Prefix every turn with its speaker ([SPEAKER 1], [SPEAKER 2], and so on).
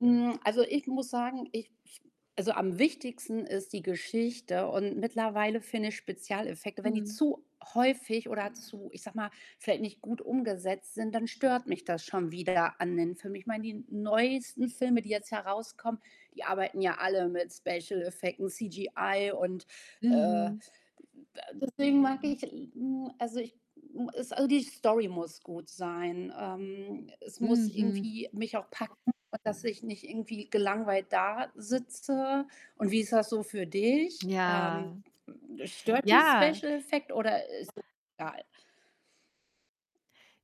[SPEAKER 1] Hm, also, ich muss sagen, ich ich also, am wichtigsten ist die Geschichte. Und mittlerweile finde ich Spezialeffekte, wenn die
[SPEAKER 2] Mhm.
[SPEAKER 1] zu häufig oder zu ich sage mal, vielleicht nicht gut umgesetzt sind, dann stört mich das schon wieder an den Film. Ich meine, die neuesten Filme, die jetzt heraus kommen, die arbeiten ja alle mit Special Effekten, CGI und, äh,
[SPEAKER 2] Mhm.
[SPEAKER 1] de deswegen mag ich nur also, ich hm, es also, die Story muss gut sein, ähm. Es muss
[SPEAKER 2] Mhm.
[SPEAKER 1] irgendwie mich auch packen, dass ich nicht irgendwie gelangweilt dasitze. Und wie ist das so für dich? Ähm,
[SPEAKER 2] Ja.
[SPEAKER 1] stört dich
[SPEAKER 2] Ja.
[SPEAKER 1] Special Effect oder ist [unintelligible] egal?